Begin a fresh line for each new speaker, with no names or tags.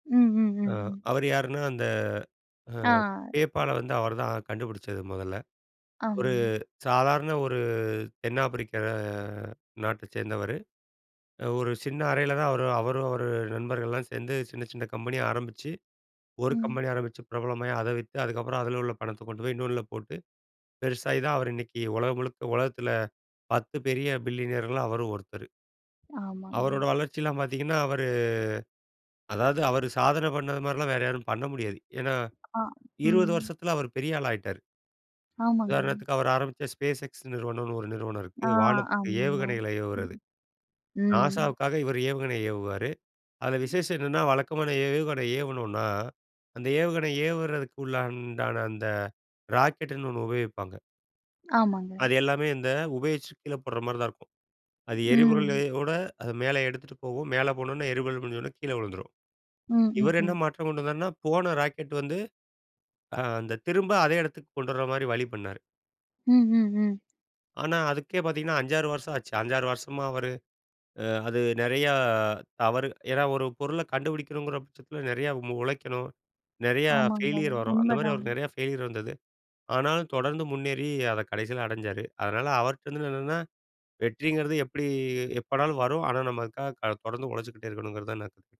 ம், ம்,
ஆ
ம்.
அவர் யாருன்னா அந்த, ஆ
ஆ.
Paypalல வந்து அவர்தான் கண்டுபிடிச்சது மொதல்ல. ஒரு
ஆமாங்க.
சாதாரண ஒரு தென் ஆப்பிரிக்க நாட்டச் சேர்ந்தவரு. ஒரு சின்ன அறையில தான் அவரு அவரும், அவர் நண்பர்கள்லாம் சேர்ந்து சின்ன சின்ன கம்பெனிய ஆரம்பிச்சு, 1
ம்.
கம்பெனி ஆரம்பிச்சு பிரபலமாய் அத வித்து அதுக்கப்புறம் அதில உள்ள பணத்த கொண்டு போய் இன்னொன்னுல போட்டு பெருசாகி தான், அவரு இன்னைக்கி உலகம் முழுக்க உலகத்தில 10 பெரிய பில்லியனர்கள்ல அவரும் ஒருத்தரு.
ஆமாங்க.
அவரோட வளர்ச்சில்லாம் பாத்தீங்கன்னா, அவரு அதாவது அவரு சாதனை பண்ணது மாரிலாம் வேற யாரும் பண்ண முடியாது. ஏன்னா
ஆ
20
ம்.
வருஷத்துல அவரு பெரிய ஆளா ஆயிட்டாரு.
ஆமாங்க.
உதாரணத்துக்கு அவர் ஆரம்பிச்ச SpaceX நிறுவனம்னு ஒரு நிறுவனம் இருக்கு.
ஆ,
வானத்துக்கு
ஆமாங்க.
ஏவுகணைகளை ஏவுறது.
ம். ம்.
நாசாவுக்காக இவரு ஏவுகணை ஏவுவாரு. அதில விசேஷம் என்னென்னா வழக்கமான ஏவுகணை ஏவனுனா, அந்த ஏவுகணை ஏவுறதுக்குள்ளான அந்த ராக்கெட்னு ஒன்னு உபயோகிப்பாங்க.
ஆமாங்க.
அது எல்லாமே இந்த உபயோகிச்சு கீழ போடுற மாரி தான் இருக்கும். அது
ம்.
எரிபொருளோட அத மேல எடுத்துட்டு போகும். மேல போனோனே எரிபொருள் முடிஞ்சோனே கீழ வுழுந்துரும்.
ம், ம்,
இவர் என்ன
ம்.
மாற்றம் கொண்டு வந்தார்னா போன ராக்கெட் வந்து, ஆ அந்த திரும்ப அதே எடத்துக்கு கொண்டு வர்ற மாரி வழி பண்ணாரு.
ம், ம், ம்.
ஆனா, அதுக்கே பார்த்தீங்கன்னா 5, 6 வருஷம் ஆச்சு. 5, 6 வருஷமா அவரு அ அது நெறையா தவறு ஏன்னா, ஒரு பொருளை கண்டுபிடிக்கணங்கிற பட்சத்தில நெறையா உழைக்கணும். நெறையா
ஆமாங்கங்க
ஃபெயிலியர் வரும் அந்தமாரி
உண்மதான்.
அவருக்கு நெறையா ஃபெயிலியர் வந்தது. ஆனாலும் தொடர்ந்து முன்னேறி அத கடைசியில அடைஞ்சாரு. அதனால அவர்ட்டருந்து என்னன்னா, வெற்றிங்கிறது எப்டி எப்போனாலும் வரும். ஆனா, நமக்காக க தொடர்ந்து உழைச்சுட்டே இருக்கணுங்கிறதுதான் நான்